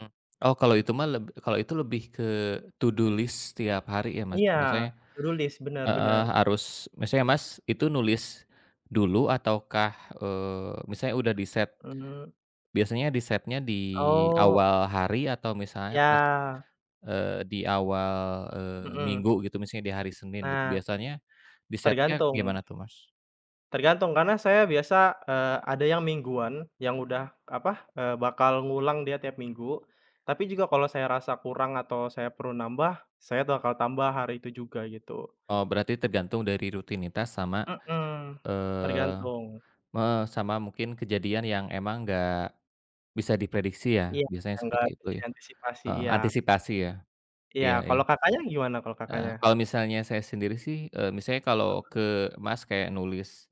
Mmm. Oh, kalau itu mah leb kalo itu lebih ke to do list setiap hari ya, Mas. Iya, Misalnya to do list, benar heeh, benar. harus, misalnya, Mas, itu nulis dulu ataukah, eee, misalnya udah di-set, Mmm. biasanya di-set-nya di Oh. awal hari atau misalnya pas, Ya. eee, di awal, eee, Mhm. minggu gitu, misalnya di hari Senin gitu, Ah. biasanya di-set-nya Tergantung. gimana tuh, Mas? Tergantung, karena saya biasa, eee, ada yang mingguan, yang udah, apa, eee, bakal ngulang dia tiap minggu. Tapi juga kalau saya rasa kurang atau saya perlu nambah, saya bakal tambah hari itu juga gitu. Oh, berarti tergantung dari rutinitas sama, Mmm, eee, tergantung. me sama mungkin kejadian yang emang nggak bisa diprediksi ya, Iya, biasanya yang gak seperti itu bisa ya? diantisipasi. Heeh, Iya. antisipasi ya. Iya, Iya iya. kalau Kakaknya gimana, kalau Kakaknya? Eee, kalau misalnya saya sendiri sih, eee, misalnya Mhm. kalau ke, Mas, kayak nulis,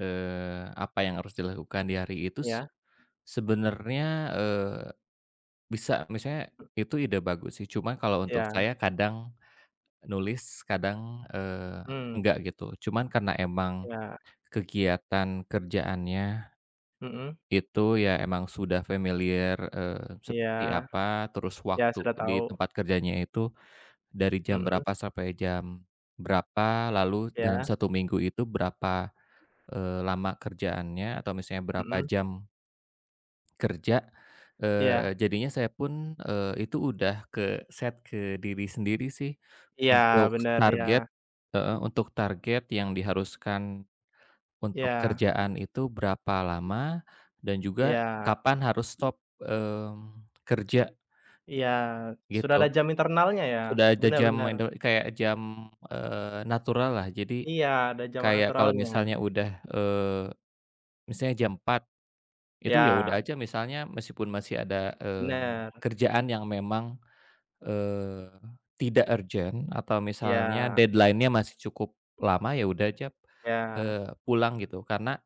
eee, apa yang harus dilakukan di hari itu Iya. sebenarnya, eee, bisa, maksudnya itu ide bagus sih. Cuma kalau untuk Iya. saya kadang nulis kadang, eee, Mmm. enggak gitu. Cuman karena emang Iya. kegiatan kerjaannya Mmm. itu ya emang sudah familiar, eee, Iya. seperti apa, terus Iya, waktu sudah di tahu. tempat kerjanya itu dari jam Mhm. berapa sampai jam berapa, lalu dalam Iya. 1 minggu itu berapa, eee, lama kerjaannya atau misalnya berapa Mhm. jam kerja, eee, Iya. jadinya saya pun, eee, itu udah ke-set ke diri sendiri sih Iya untuk bener, target iya. heeh, untuk target yang diharuskan untuk Iya. kerjaan itu berapa lama, dan juga Iya. kapan harus stop, mmm, kerja Iya, sudah ada gitu. jam internalnya ya? Udah ada Benar jam benar. indel kayak jam, eee, naturallah. Jadi, Iya, ada jam kayak kalau naturalnya. misalnya udah, eee, misalnya jam 4.00, itu ya Iya. udah aja misalnya meskipun masih ada, eee, Benar. kerjaan yang memang, eee, tidak urgent atau misalnya Iya. deadline-nya masih cukup lama, ya udah aja, Iya. eee, pulang gitu karena